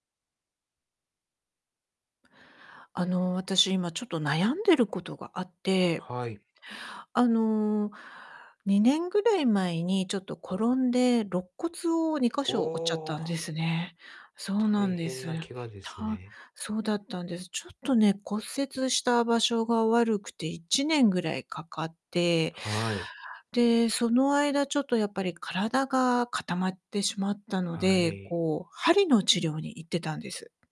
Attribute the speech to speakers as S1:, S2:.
S1: あの、私今ちょっと悩んでることがあって
S2: はい。
S1: あの、2年ぐらい前に、ちょっと転んで肋骨をにか
S2: お
S1: しょ折っちゃったん
S2: お。
S1: です ね。そうな
S2: 大
S1: んで
S2: 変
S1: す。
S2: なケガです
S1: た
S2: ね。
S1: そうだったんです。ちょっとね、骨折した場所が悪くて、1年ぐらいかかって、
S2: はい。
S1: で、その間ちょっとやっぱり体が固まってしまったの
S2: はあ、
S1: で、
S2: えい。
S1: こう鍼の治療に行ってたんです。